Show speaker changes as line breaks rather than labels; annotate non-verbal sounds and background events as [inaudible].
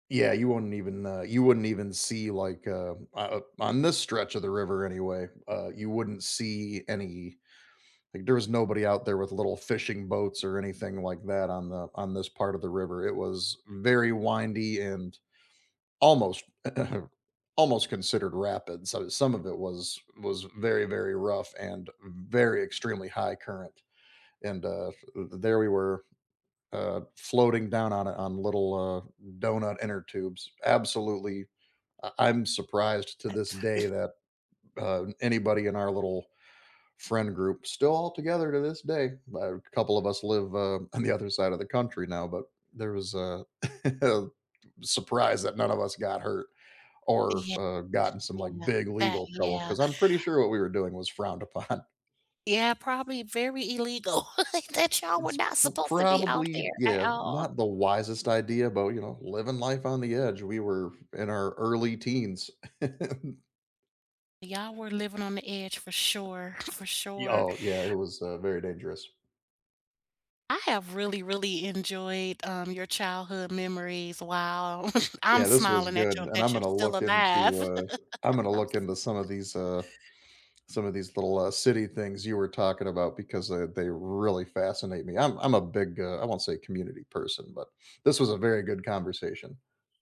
Yeah, you wouldn't even, uh you wouldn't even see, like, uh o o on this stretch of the river anyway, uh, you wouldn't see any like, there was nobody out there with little fishing boats or anything like that on the on this part of the river, it was very windy and almost [clears throat] almost considered rapid, so some of it was was very, very rough and very extremely high current, and, uh, f there we were, uh, floating down on it, on little, uh, doughnut inner tubes, absolutely I I'm surprised to this day
[unintelligible]
that, uh, anybody in our little friend group still all together to this day, a couple of us live, uh, on the other side of the country now, but there was a [chuckles] a surprise that none of us got hurt or,
Yeah.
uh, got in some, like,
Yeah,
big
that
legal trouble
yeah.
'cause I'm pretty sure what we were doing was frowned upon.
Yeah, probably very illegal, [chuckles] that y'all were
It's
not
p
supposed to be out
probably
there at
yeah,
all.
not the wisest idea, but, you know, living life on the edge, we were in our early teens. [chuckles]
Y'all were living on the edge for sure for
Y
sure.
oh, yeah, it was, uh, very dangerous.
I have really, really enjoyed, um, your childhood memories. Wow, [chuckles] I'm
Yeah, this was
smiling at
good,
you
and I'm
that you're
gonna
still
look
alive.
into, uh I'm
[chuckles]
gonna look into some of these,
[unintelligible]
uh some of these little, uh, city things you were talking about because they they really fascinate me, I'm I'm a big, uh I won't say community person, but this was a very good conversation.